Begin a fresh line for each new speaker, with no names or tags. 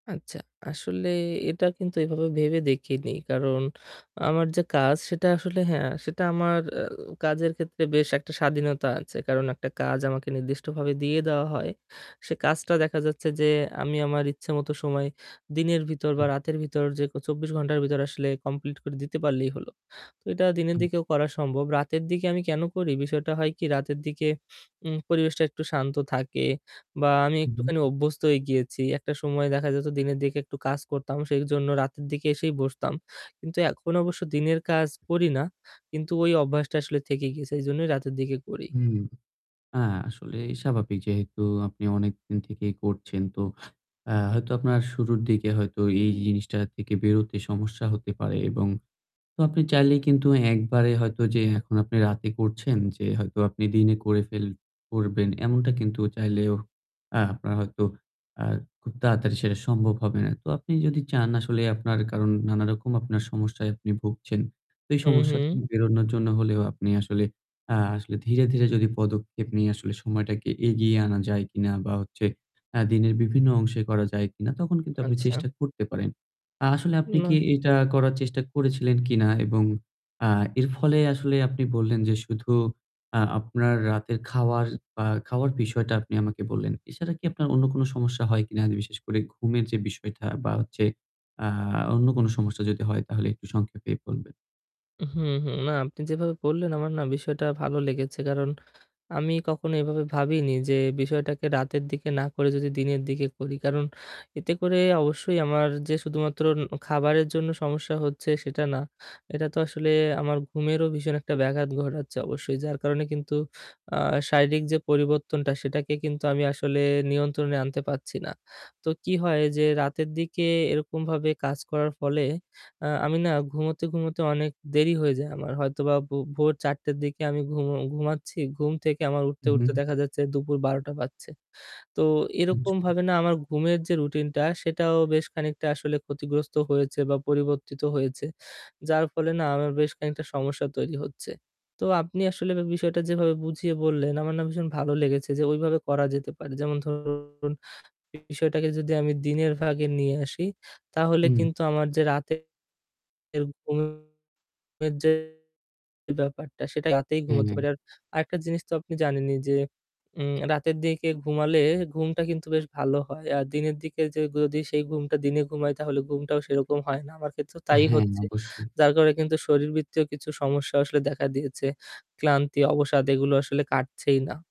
আচ্ছা, আসলে এটা কিন্তু এভাবে ভেবে দেখিনি। কারণ আমার যে কাজ সেটা আসলে হ্যাঁ, সেটা আমার উ কাজের ক্ষেত্রে বেশ একটা স্বাধীনতা আছে। কারণ একটা কাজ আমাকে নির্দিষ্টভাবে দিয়ে দেওয়া হয়। সে কাজটা দেখা যাচ্ছে যে আমি আমার ইচ্ছেমতো সময় দিনের ভিতর বা
হু।
রাতের ভিতর যে ক ২৪ ঘণ্টার ভিতর আসলে complete করে দিতে পারলেই হলো। তো এটা দিনের
হু।
দিকেও করা সম্ভব। রাতের দিকে আমি কেন করি? বিষয়টা হয় কি? রাতের দিকে উম পরিবেশটা একটু শান্ত থাকে বা আমি
হু, হু।
একটুখানি অভ্যস্ত হয়ে গিয়েছি। একটা সময় দেখা যেত দিনের দিকে একটু কাজ করতাম সেইজন্য রাতের দিকে এসেই বসতাম। কিন্তু এখন অবশ্য দিনের কাজ করি না। কিন্তু ওই অভ্যাসটা আসলে থেকে গেছে। সেইজন্যই রাতের দিকে করি।
হুম। হ্যাঁ, আসলে স্বাভাবিক। যেহেতু আপনি অনেকদিন থেকেই করছেন, তো আ হয়তো আপনার শুরুর দিকে হয়তো এই জিনিসটা থেকে বেরোতে সমস্যা হতে পারে এবং আপনি চাইলে কিন্তু একবারে হয়তো যে এখন আপনি রাতে করছেন যে হয়তো আপনি দিনে করে ফেল করবেন এমনটা কিন্তু চাইলেও আ আপনার হয়তো আ খুব তাড়াতাড়ি সেটা সম্ভব হবে না। তো আপনি যদি চান আসলে আপনার, কারণ নানারকম আপনার সমস্যায় আপনি ভুগছেন। তো এই
হু,
সমস্যা থেকে
হু।
বেরোনোর জন্য হলেও আপনি আসলে আ আসলে ধীরে, ধীরে যদি পদক্ষেপ নিয়ে আসলে সময়টাকে এগিয়ে আনা যায় কিনা বা হচ্ছে আ দিনের বিভিন্ন অংশে করা যায় কিনা, তখন কিন্তু আপনি
আচ্ছা।
চেষ্টা করতে পারেন। আ আসলে আপনি কি
না।
এটা করার চেষ্টা করেছিলেন কিনা এবং আ এর ফলে আসলে আপনি বললেন যে শুধু আ আপনার রাতের খাওয়ার বা খাওয়ার বিষয়টা আপনি আমাকে বললেন। এছাড়া কি আপনার অন্য কোন সমস্যা হয় কিনা? আর বিশেষ করে ঘুমের যে বিষয়টা বা হচ্ছে আ অন্য কোন সমস্যা যদি হয় তাহলে একটু সংক্ষেপে বলবেন।
হুম, হুম। না, আপনি যেভাবে বললেন আমার না বিষয়টা ভালো লেগেছে। কারণ আমি কখনো এভাবে ভাবিনি যে বিষয়টাকে রাতের দিকে না করে যদি দিনের দিকে করি। কারণ এতে করে অবশ্যই আমার যে শুধুমাত্র ন খাবারের জন্য সমস্যা হচ্ছে সেটা না, এটা তো আসলে আমার ঘুমেরও ভীষণ একটা ব্যাঘাত ঘটাচ্ছে অবশ্যই। যার কারণে কিন্তু আ শারীরিক যে পরিবর্তনটা সেটাকে কিন্তু আমি আসলে নিয়ন্ত্রণে আনতে পারছি না। তো কি হয় যে রাতের দিকে এরকমভাবে কাজ করার ফলে আ আমি না ঘুমোতে, ঘুমোতে অনেক দেরি হয়ে যায় আমার। হয়তোবা ভো ভোর ০৪ঃ০০ টের দিকে আমি ঘুম ঘুমাচ্ছি। ঘুম থেকে আমার উঠতে,
হু,
উঠতে
হু।
দেখা যাচ্ছে দুপুর ১২ঃ০০ বাজছে। তো
[unintelligible]
এরকমভাবে না আমার ঘুমের যে রুটিনটা, সেটাও বেশ খানিকটা আসলে ক্ষতিগ্রস্ত হয়েছে বা পরিবর্তিত হয়েছে। যার ফলে না আমার বেশ খানিকটা সমস্যা তৈরি হচ্ছে। তো আপনি আসলে বে বিষয়টা যেভাবে বুঝিয়ে বললেন আমার না ভীষণ ভালো লেগেছে যে ওইভাবে করা যেতে পারে। যেমন ধরুন বিষয়টাকে যদি আমি দিনের ভাগে নিয়ে আসি তাহলে
হুম।
কিন্তু আমার যে রাতের ঘুমের যে ব্যাপারটা সেটা রাতেই
হুম,
ঘুমোতে
হুম।
পারি। আর আরেকটা জিনিস তো আপনি জানেনই যে উম রাতের দিকে ঘুমালে ঘুমটা কিন্তু বেশ ভালো হয়। আর দিনের দিকে যে যদি সেই ঘুমটা দিনে ঘুমাই তাহলে ঘুমটাও সেরকম হয় না। আমার ক্ষেত্রেও তাই
হ্যাঁ,
হচ্ছে।
অবশ্যই।
যার কারণে কিন্তু শরীরবৃত্তীয় কিছু সমস্যাও আসলে দেখা দিয়েছে। ক্লান্তি, অবসাদ এগুলো আসলে কাটছেই না।